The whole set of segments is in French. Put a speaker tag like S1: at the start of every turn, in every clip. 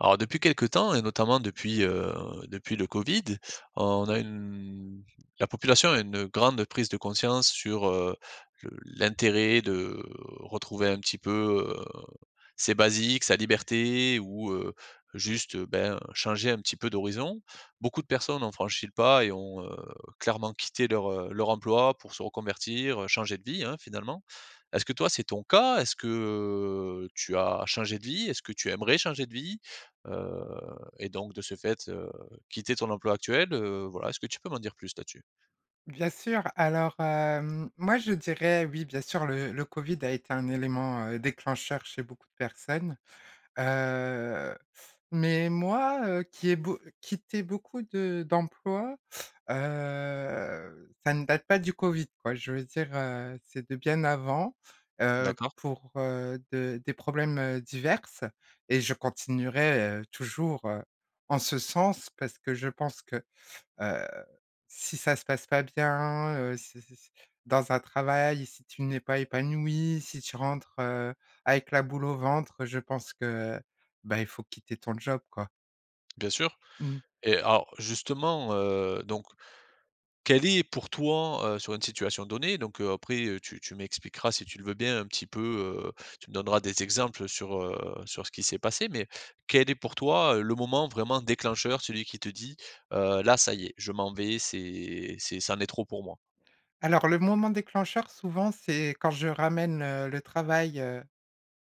S1: Alors, depuis quelques temps et notamment depuis, heu, depuis le Covid, on a une la population a une grande prise de conscience sur, heu, le l'intérêt de retrouver un petit peu, heu, ses basiques, sa liberté ou, heu, juste, ben, changer un petit peu d'horizon. Beaucoup de personnes ont franchi le pas et ont, heu, clairement quitté leur, heu, leur emploi pour se reconvertir, changer de vie, hein, finalement. Est-ce que toi, c'est ton cas? Est-ce que, heu, tu as changé de vie? Est-ce que tu aimerais changer de vie? Heu, et donc de ce fait, heu, quitter ton emploi actuel, heu, voilà, est-ce que tu peux m'en dire plus là-dessus?
S2: Bien sûr, alors, hem, moi je dirais oui bien sûr, le le Covid a été un élément, heu, déclencheur chez beaucoup de personnes, heu, mais, moi, heu, qui ai beau quitté beaucoup de d'emplois, heu, ça ne date pas du Covid, quoi, je veux dire, heu, c'est de bien avant, heu,
S1: D'accord.
S2: pour, heu de des problèmes, heu, diverses et je continuerai, heu, toujours, heu, en ce sens, parce que je pense que, heu, si ça se passe pas bien, heu, si si s dans un travail, si tu n'es pas épanoui, si tu rentres, heu, avec la boule au ventre, je pense que, bah, il faut quitter ton job, quoi.
S1: Bien sûr.
S2: Mmh.
S1: Et, alors, justement, heu, donc, quelle est pour toi, heu, sur une situation donnée, donc, heu, après, heu, tu tu m'expliqueras, si tu le veux bien, un petit peu, heu, tu me donneras des exemples sur, heu, sur ce qui s'est passé, mais, quel est pour toi, heu, le moment vraiment déclencheur, celui qui te dit: «Heu, là, ça y est, je m'en vais, c'est c'est c'en est trop pour moi»?
S2: Alors, le moment déclencheur, souvent, c'est quand je ramène, heu, le travail, heu,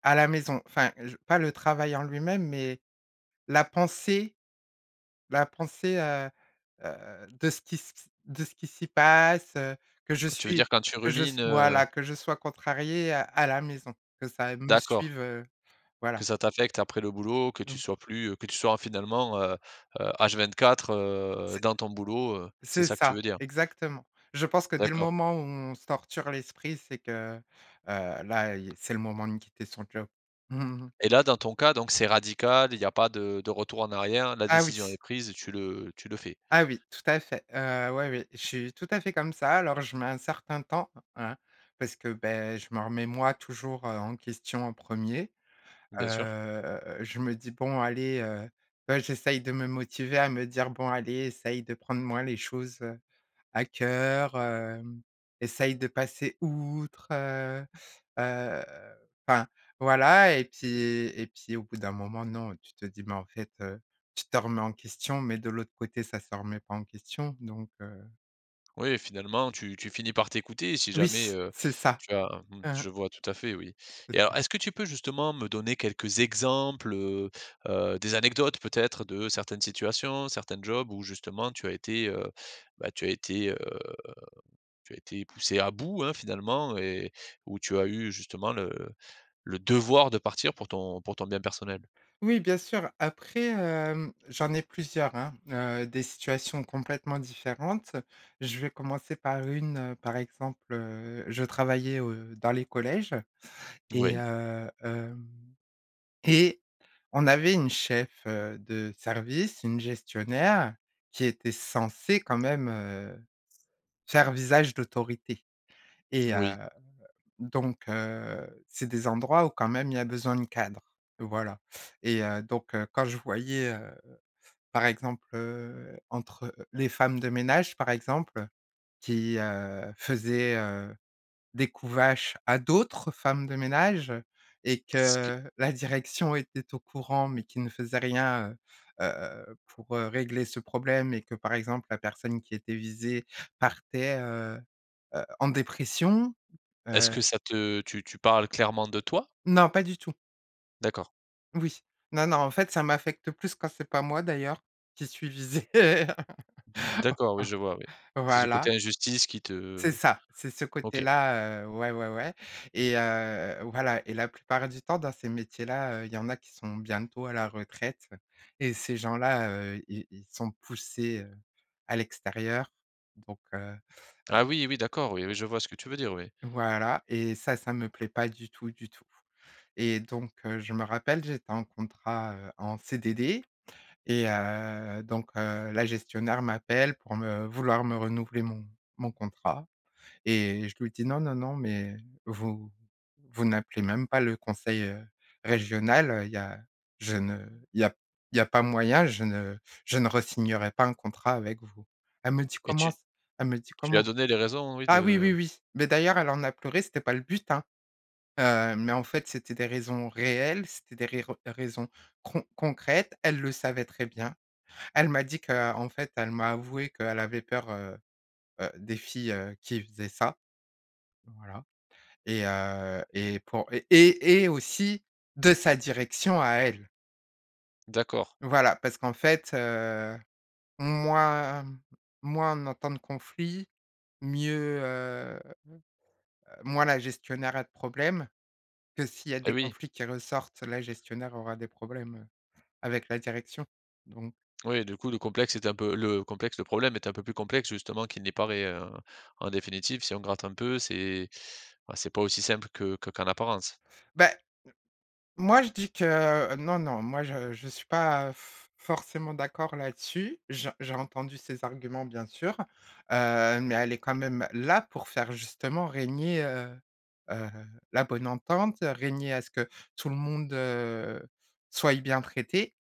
S2: à la maison, enfin, je pas le travail en lui-même, mais, la pensée la pensée, heu heu, de ce qui s q s de ce qui s'y passe, heu, que je
S1: Tu veux dire
S2: suis
S1: quand tu
S2: que je
S1: rumines,
S2: s
S1: heu
S2: voilà, que je sois contrariée, heu, à la maison, que ça me
S1: D'accord.
S2: suive, heu,
S1: Que
S2: voilà.
S1: ça t'affecte après le boulot, que tu
S2: Donc
S1: sois plus, heu que tu sois finalement, heu heu, H24 heu,
S2: C'est
S1: dans ton boulot heu, c'est
S2: c'est
S1: ça que tu
S2: ça,
S1: veux dire?
S2: exactement. Je pense que dès le
S1: D'accord.
S2: moment où on se torture l'esprit, c'est que, heu, là, il y c'est le moment de quitter son job.
S1: Et, là, dans ton cas, donc, c'est radical, il y a pas de de retour en arrière, la
S2: Ah oui!
S1: décision est prise et tu le tu le fais?
S2: Ah oui, tout à fait. Heu, ouais, oui, je suis tout à fait comme ça. Alors, je mets un certain temps, hein, parce que, beh, je me remets, moi, toujours, heu, en question en 1er.
S1: Bien sûr.
S2: Heu, je me dis: «Bon allez», heu heu, j'essaye de me motiver à me dire: «Bon allez essaye de prendre moins les choses, heu, à cœur, hem, essaye de passer outre», heu heu, enfin, voilà, et puis et puis, au bout d'un moment non, tu te dis: «mais, en fait, heu, tu te remets en question, mais de l'autre côté ça se remet pas en question, donc, heu».
S1: Oui finalement, tu tu finis par t'écouter, si
S2: Oui,
S1: jamais, heu,
S2: c'est ça.
S1: tu as mmh, je vois tout à fait, oui.
S2: C'est
S1: Et,
S2: ça.
S1: alors, est-ce que tu peux, justement, me donner quelques exemples, heu heu, des anecdotes, peut-être, de certaines situations, certains jobs où, justement, tu as été, heu, bah, tu as été, heu, tu as été poussée à bout, hein, finalement et où tu as eu, justement, le le devoir de partir pour ton pour ton bien personnel?
S2: Oui, bien sûr, après, hem, j'en ai plusieurs, hein, heu, des situations complètement différentes. Je vais commencer par une, heu, par exemple, heu, je travaillais au, heu, dans les collèges et,
S1: Oui.
S2: heu, hem, et on avait une chef, heu, de service, une gestionnaire, qui était censée, quand même, heu, s faire visage d'autorité. Et, heu,
S1: Oui.
S2: donc, heu, c'est des endroits où, quand même, il y a besoin de cadre, voilà. Et heu, donc, heu, quand je voyais, heu, par exemple, heu, entre les femmes de ménage, par exemple, qui, heu, faisaient, heu, des coups vaches à d'autres femmes de ménage et
S1: Ce que
S2: que la direction était au courant, mais qui ne faisait rien, heu heu, pour, heu, régler ce problème et que, par exemple, la personne qui était visée partait, heu heu, en dépression,
S1: Est-ce
S2: heu
S1: que ça te tu tu parles clairement de toi?
S2: Non, pas du tout.
S1: D'accord.
S2: Oui. Non, non. En fait ça m'affecte plus quand c'est pas moi d'ailleurs qui suis visé.
S1: D'accord. Oui je vois oui. C'est ce côté
S2: Voilà.
S1: injustice qui te, heu
S2: C'est ça. C'est ce
S1: OK.
S2: côté-là, heu, ouais, ouais, ouais et, heu voilà et la plupart du temps dans ces métiers-là, heu, il y en a qui sont bientôt à la retraite, heu, et ces gens-là, heu, ils ils sont poussés, heu, à l'extérieur, donc, heu heu.
S1: Ah oui, oui d'accord. Oui,
S2: v
S1: oui, je vois ce que tu veux dire oui.
S2: Voilà. Et ça, ça me plaît pas du tout du tout. Et donc, heu, je me rappelle j'étais en contrat, heu, en CDD. Et, heu, donc, heu, la gestionnaire m'appelle pour me vouloir me renouveler mon mon contrat. Et je lui dis: «Non, non, non, mais vous vous n'appelez même pas le conseil, heu, régional, heu. Il y a je ne, il y a il y a pas moyen, je ne je ne re-signerai pas un contrat avec vous». Elle me dit:
S1: Et
S2: «Comment
S1: tu
S2: c». Elle me dit:
S1: tu lui as
S2: «Comment?»
S1: donné les raisons, oui
S2: Ah oui,
S1: de
S2: oui, oui, mais d'ailleurs elle en a pleuré, ce n'était pas le but, hein. Heu, mais en fait c'était des raisons réelles, c'était des rires raisons con concrètes. Elle le savait très bien. Elle m'a dit que, heu en fait elle m'a avoué que, heu, elle avait peur, heu heu, des filles, heu, qui faisaient ça. Voilà. Et, heu et pour et et aussi, de sa direction à elle.
S1: D'accord.
S2: Voilà parce qu'en fait, heu, moins moins on entend de conflits, mieux, heu, moins la gestionnaire a de problèmes que s'il y a
S1: Et
S2: des
S1: oui.
S2: conflits qui ressortent, la gestionnaire aura des problèmes, heu, avec la direction. Donc
S1: Oui. Du coup le complexe était un peu le complexe le problème est un peu plus complexe justement qu'il n'y parait, heu. En définitive, si on gratte un peu, c'est bah, c'est pas aussi simple que que qu'en apparence.
S2: Bah, m moi je dis que heu, non, non moi je je suis pas f forcément d'accord là-dessus, j j'ai entendu ses arguments bien sûr, heu, mais elle est quand même, heu, là pour faire justement régner, heu heu, la bonne entente, heu, régner à ce que tout le monde, heu, soit bien traité.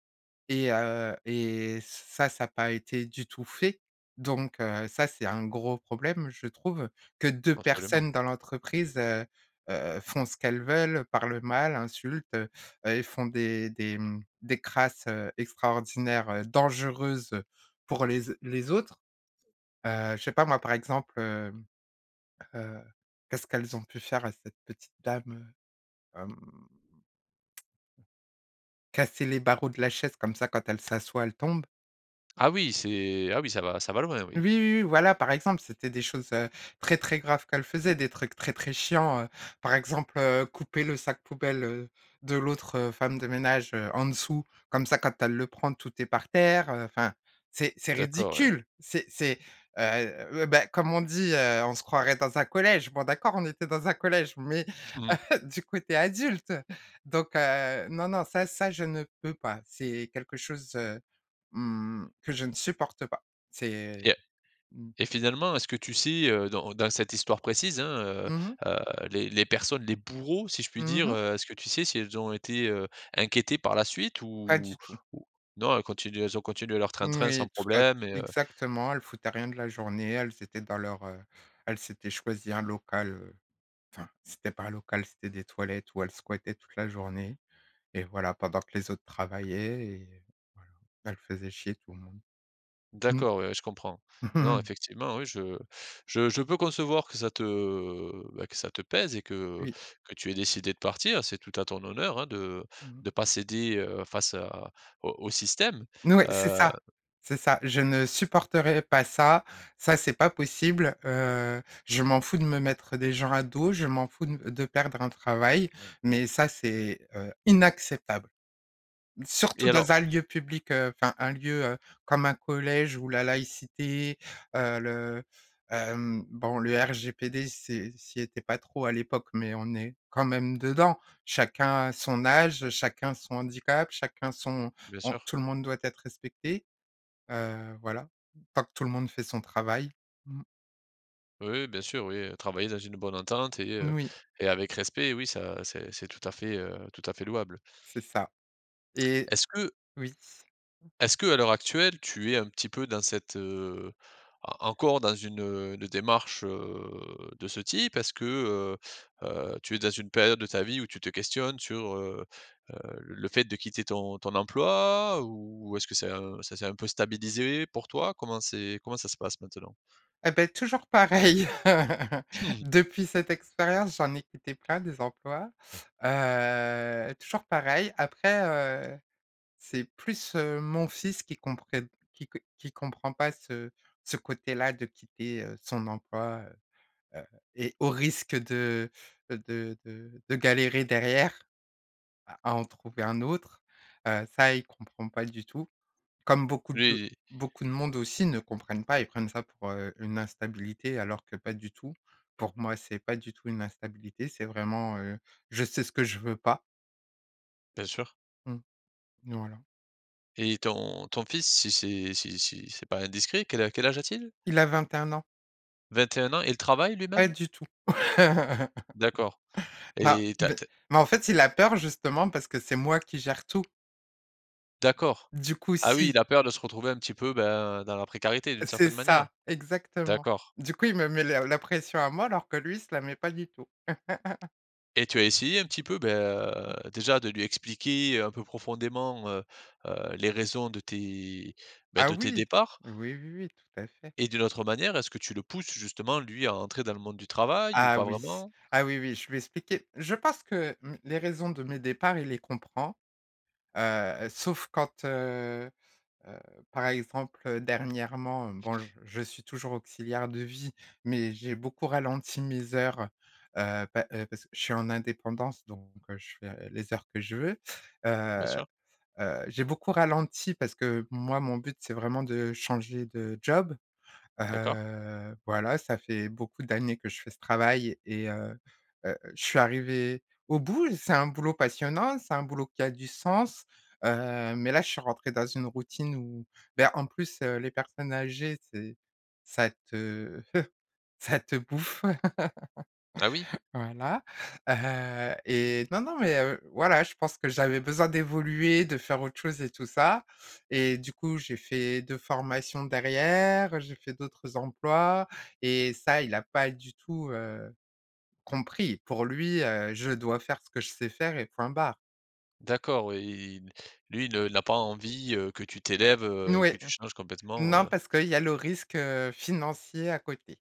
S2: Et, heu, et ça ça a pas été du tout fait. Donc, heu, ça, c'est un gros problème, je trouve que 2
S1: Absolument.
S2: personnes dans l'entreprise, heu heu, font ce qu'elles veulent, parlent mal, insultent, heu heu, et font des des, mmh des crasses, heu, extraordinaires, heu, dangereuses, heu, pour les les autres. Heu, je sais pas moi? Par exemple, heu heu, qu'est-ce qu'elles ont pu faire à cette petite dame? Heu hem casser les barreaux de la chaise comme ça, quand elle s'assoit, elle tombe.
S1: Ah, oui, c'est ah oui, ça va ça va loin,
S2: Oui,
S1: oui.
S2: oui, oui, voilà, par exemple, c'étaient des choses, heu, très, très graves qu'elles faisaient, des trucs très, très chiants, heu, par exemple, heu, couper le sac poubelle, heu, de l'autre, heu, femme de ménage, heu, en dessous, comme ça quand elle le prend, tout est par terre, heu, enfin c'est c'est
S1: D'accord, ouais.
S2: ridicule, c'est c'est, heu, ouais, bah, comme on dit, heu: «On se croirait dans un collège». Bon d'accord on était dans un collège, mais
S1: Mmh.
S2: du coup tu es adulte. Donc, heu, non, non ça ça je ne peux pas c'est quelque chose, heu, mmh que je ne supporte pas.
S1: Et
S2: C'est
S1: heu
S2: mmh.
S1: et finalement est-ce que tu sais, heu, dans dans cette histoire précise, hein, heu,
S2: Mmh mh.
S1: heu, les les personnes, les bourreaux si je puis
S2: Mmh
S1: dire,
S2: mh.
S1: heu, est-ce que tu sais si elles ont été, heu, inquiétées par la suite
S2: Pas
S1: ou
S2: du tout.
S1: ou non elles continuent elles ont continué leur train-train sans
S2: Moui, tout à f
S1: problèmes et heu
S2: exactement, elles foutaient rien de la journée, elles étaient dans leur, heu elles s'étaient choisies un local, heu, enfin, c'était pas un local c'était des toilettes où elles squattaient toute la journée, et voilà pendant que les autres travaillaient et heu, voilà, elles faisaient chier tout le monde. Mmh.
S1: D'accord, ouais, je comprends. Non, effectivement, oui, je je je peux concevoir que ça te bah, que ça te pèse et que
S2: Oui.
S1: que tu aies décidé de partir, c'est tout à ton honneur, hein, de
S2: Mmh mh.
S1: de pas céder, heu, face à au au système,
S2: N ouais, c'est
S1: heu
S2: ça. C'est ça je ne supporterai pas ça. Ça c'est pas possible, heu, je m'en fous de me mettre des gens à dos, je m'en fous de m de perdre un travail, mais ça c'est, heu, inacceptable.
S1: Et,
S2: Surtout
S1: alors
S2: dans un lieu public, heu enfin un lieu, heu, comme un collège où la laïcité, heu, le, hem, bon le RGPD c'est, ça y était pas trop à l'époque, mais on est quand même dedans. Chacun son âge, chacun son handicap, chacun son
S1: Bien
S2: on
S1: sûr.
S2: tout le monde doit être respecté, heu, voilà, tant que tout le monde fait son travail. Mmh.
S1: Oui oui bien sûr. Oui, heu, travailler dans une bonne entente et, heu
S2: Oui.
S1: et avec respect. Oui, ça c'est c'est tout à fait, heu, tout à fait louable.
S2: C'est ça et
S1: Est-ce que
S2: oui.
S1: est-ce que à l'heure actuelle tu es un petit peu dans cette, heu, en encore dans une, heu, une démarche, heu, de ce type? Est-ce que, heu, heu, tu es dans une période de ta vie où tu te questionnes sur, heu, heu, l le fait de quitter ton ton emploi? Ou est-ce que c'est un ça c'est un peu stabilisé pour toi? Comment c'est comment ça se passe maintenant?
S2: Et beh, toujours pareil depuis cette expérience j'en ai quitté plein, des emplois. Heu, toujours pareil. Après, heu, c'est plus, heu, mon fils qui comprenne qui qu qui comprend pas ce ce côté-là de quitter, heu, son emploi, heu. Heu et au risque de, heu, de de de galérer derrière à en trouver un autre. Heu, ça il comprend pas du tout. Comme beaucoup
S1: Lui
S2: de
S1: il
S2: beaucoup de monde aussi ne comprennent pas. Ils prennent ça pour, heu, une instabilité alors que pas du tout. Pour moi, c'est pas du tout une instabilité, c'est vraiment, heu, je sais ce que je veux pas.
S1: Bien sûr.
S2: Mmh. Voilà.
S1: Et ton ton fils si c'est si si c'est pas indiscret quel a quel âge a-t-il?
S2: Il a 21 ans.
S1: 21 ans, il travaille
S2: Pas
S1: lui-même?
S2: du tout.
S1: D'accord.
S2: Non,
S1: Et tu as
S2: mais
S1: tu as
S2: mais en fait il a peur justement parce que c'est moi qui gère tout.
S1: D'accord.
S2: Du coup
S1: Ah oui,
S2: si
S1: il a peur de se retrouver un petit peu, ben, dans la précarité d'une
S2: C'est
S1: certaine manière?
S2: ça exactement.
S1: D'accord.
S2: Du coup il me met la la pression à moi alors que lui il se la met pas du tout.
S1: Et tu as essayé un petit peu, bah,
S2: Mmh.
S1: déjà de lui expliquer un peu profondément, heu heu, les raisons de tes, bah,
S2: Ah
S1: de tes
S2: oui,
S1: départs?
S2: oui, oui, oui, tout à fait.
S1: Et d'une autre manière, est-ce que tu le pousses justement, lui, à entrer dans le monde du travail ou
S2: Ah
S1: pas
S2: oui,
S1: vraiment?
S2: ah oui, oui, je lui ai expliqué. Je pense que, mmh, les raisons de mes départs il les comprend, heu, sauf quand, heu heu, par exemple, heu, dernièrement, hem, bon j je suis toujours auxiliaire de vie, mais j'ai beaucoup ralenti mes heures. Heu, pa heu parce que je suis en indépendance, donc, heu, je fais les heures que je veux.
S1: Bien
S2: Heu
S1: sûr.
S2: heu, j'ai beaucoup ralenti parce que moi mon but c'est vraiment de changer de job.
S1: D'accord.
S2: Heu, voilà ça fait beaucoup d'années que je fais ce travail et heu heu, je suis arrivée au bout, c'est un boulot passionnant, c'est un boulot qui a du sens. Heu, mais là je suis rentré dans une routine où, bah, en plus, heu, les personnes âgées c'est ça te ça te bouffe.
S1: Ah oui?
S2: Voilà, heu, et non non, mais, heu, voilà, je pense que j'avais besoin d'évoluer, de faire autre chose et tout ça. Et du coup, j'ai fait 2 formations derrière, j'ai fait d'autres emplois et ça il a pas du tout, heu, compris. Pour lui, heu, je dois faire ce que je sais faire et point barre.
S1: D'accord oui et lui le il a pas envie, heu, que tu t'élèves,
S2: N
S1: heu
S2: oui
S1: que
S2: et
S1: tu changes complètement,
S2: non,
S1: heu.
S2: parce qu'il y a le risque, heu, financier à côté,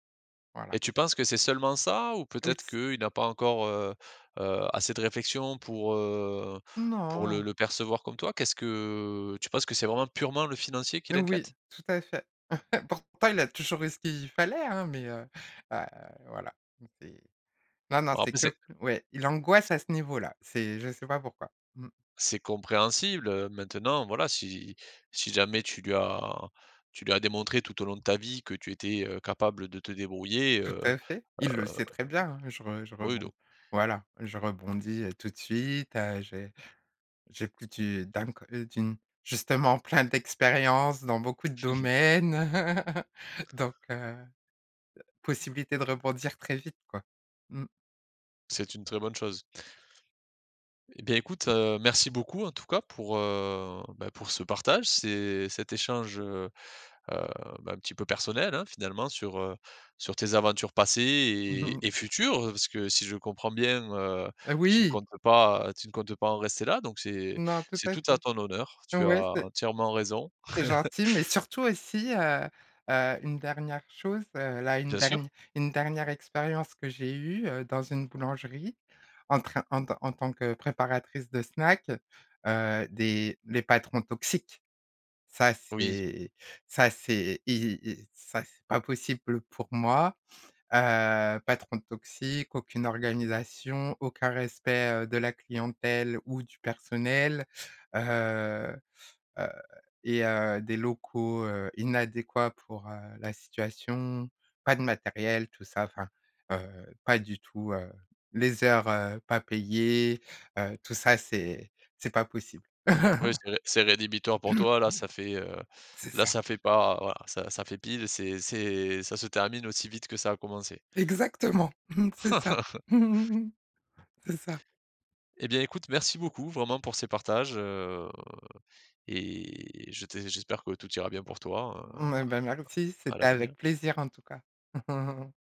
S2: voilà.
S1: Et tu penses que c'est seulement ça? Ou peut-être
S2: [unintelligible]
S1: qu'il n'a pas encore, heu, heu, assez de réflexion pour, heu, pour le
S2: Non!
S1: le percevoir comme toi? Qu'est-ce que tu penses que c'est vraiment purement le financier qui
S2: Oui,
S1: l'inquiète?
S2: tout à fait. Pourtant, il a toujours eu ce qu'il fallait, hein? Mais heu, heu, voilà, c'est non, non,
S1: Alors,
S2: c'est
S1: après
S2: que le
S1: c'est
S2: ouais, il angoisse
S1: c
S2: à ce niveau-là. C'est je sais pas pourquoi. Mmh.
S1: c'est compréhensible, heu. Maintenant voilà si si jamais tu lui as tu lui as démontré tout au long de ta vie que tu étais, heu, capable de te débrouiller,
S2: Tout
S1: heu,
S2: à fait, il le
S1: heu
S2: sait très bien, hein. Je re je
S1: oui,
S2: rebond
S1: don
S2: voilà, je rebondis, heu, tout de suite, heu. J'ai j'écoute une, dam qu d'une justement plein d'expériences dans beaucoup de domaines. Donc, heu, possibilité de rebondir très vite quoi. Mmh.
S1: C'est une très bonne chose. Et bien écoute, heu, merci beaucoup en tout cas pour, heu beh, pour ce partage, ce cet échange heu, heu, ben, un petit peu personnel hein, finalement. Sur, heu, sur tes aventures passées et et futures. Parce que si je comprends bien, heu,
S2: Heu,
S1: tu ne
S2: oui!
S1: comptes pas tu ne comptes pas en rester là! Donc c'est
S2: Non, tout
S1: c'est
S2: à
S1: tout à
S2: fait.
S1: ton honneur, tu
S2: Ouais,
S1: as
S2: c'est
S1: entièrement raison.
S2: c'est gentil, mais surtout aussi heu, heu, une dernière chose heu. Là, une
S1: Bien sûr.
S2: dernière une dernière expérience que j'ai eue, heu, dans une boulangerie en train en tant en tant que préparatrice de snacks. Heu, des les patrons toxiques. Ça
S1: Oui.
S2: c'est ça c'est y ça c'est pas possible pour moi, heu, patron toxique. Aucune organisation, aucun respect, heu, de la clientèle ou du personnel. Heu, heu et heu, des locaux, heu, inadéquats pour, heu, la situation. Pas de matériel tout ça, enfin, heu, pas du tout, heu les heures, heu, pas payées, heu, tout ça c'est c'est pas possible.
S1: Ouais c'est ré c'est rédhibitoire pour toi là. Ça fait heu
S2: C'est
S1: là
S2: ça.
S1: ça fait pas voilà, ça ça fait pile, c'est c'est ça se termine aussi vite que ça a commencé.
S2: Exactement c'est ça! C'est ça!
S1: Et bien, écoute, merci beaucoup, vraiment, pour ces partages, heu et je t'ai j'espère que tout ira bien pour toi heu,
S2: Hem et ben merci,
S1: à à
S2: c'était
S1: l'avenir!
S2: avec plaisir en tout cas.